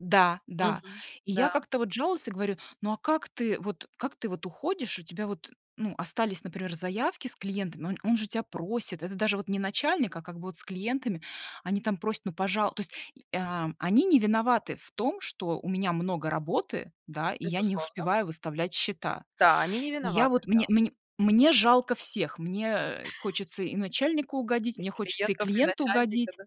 Да, да. Мгм. И я Да. как-то вот жалуюсь, и говорю: "Ну, а как ты, как ты вот уходишь? У тебя вот, ну, остались, например, заявки с клиентами, он он же тебя просит, это даже вот не начальник, а как бы вот с клиентами, они там просят: "Ну, пожалуйста". То есть, э, а они не виноваты в том, что у меня много работы, да, и я не Безусловно. успеваю выставлять счета". Да, они не И я виноваты. вот, мне Да. мне мне жалко всех, мне, э, хочется и начальнику угодить, И мне хочется и клиентов, и клиенту начальника. угодить. Да.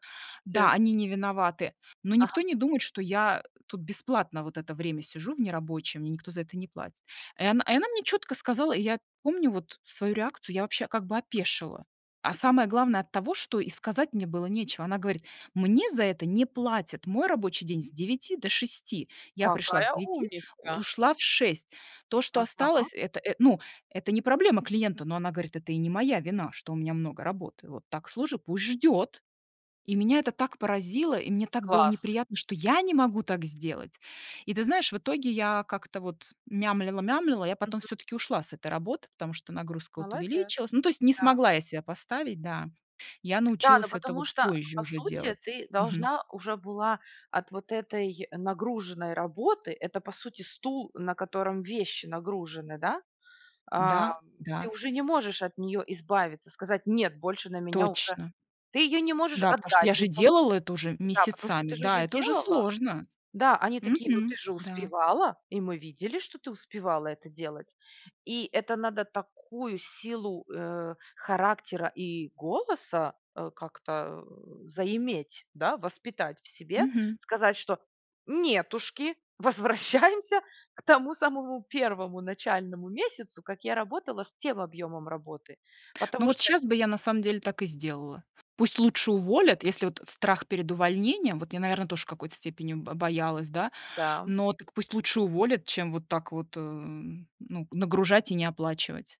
Все Да, они не виноваты, но никто Ага. не думает, что я, э, тут бесплатно вот это время сижу в нерабочее, мне никто за это не платит. И она и она мне чётко сказала, и я помню вот свою реакцию, я вообще как бы опешила. А самое главное- от того, что и сказать мне было нечего. Она говорит: "Мне за это не платят, мой рабочий день с 9 до 6, я пришла к Какая 9, умница! ушла в 6. То, что Ага. осталось, это это, ну, это не проблема клиента, но",- она говорит,- "Это и не моя вина, что у меня много работы. Вот так, слушай, пусть ждет". И меня это так поразило, и мне так было Класс! неприятно, что я не могу так сделать. И ты знаешь, в итоге я как-то вот мямлила, мямлила, я потом Мгм. все-таки ушла с этой работы, потому что нагрузка вот Молодец. увеличилась. Ну, то есть не Да. смогла я себя поставить, да. Я Да, ну научилась это потому вот что позже по уже сути делать. ты Мгм. должна уже была от вот этой нагруженной работы это по сути стул, на котором вещи нагружены, да, ам, Да ты да. уже не можешь от нее избавиться, сказать: "Нет, больше на меня уже". Точно. Ты ее не можешь Да, потому что отдать я же никому. делала это уже Да. Потому что месяцами. ты же уже Да, это уже делала. сложно. Да, они такие: "Ну, ты Мгм. же Да. успевала". И мы видели, что ты успевала это делать. И это надо такую силу, э, характера и голоса, э, как-то, э, заиметь, да, воспитать в себе. Мгм. Сказать, что: "Нетушки, возвращаемся к тому самому первому начальному месяцу, как я работала с тем объемом работы". Ну, Потому вот что сейчас бы я на самом деле так и сделала. Пусть лучше уволят, если вот страх перед увольнением, вот я, наверное, тоже в какой-то степени бо боялась, да, Да. но так пусть лучше уволят, чем вот так вот, э, ну, нагружать и не оплачивать.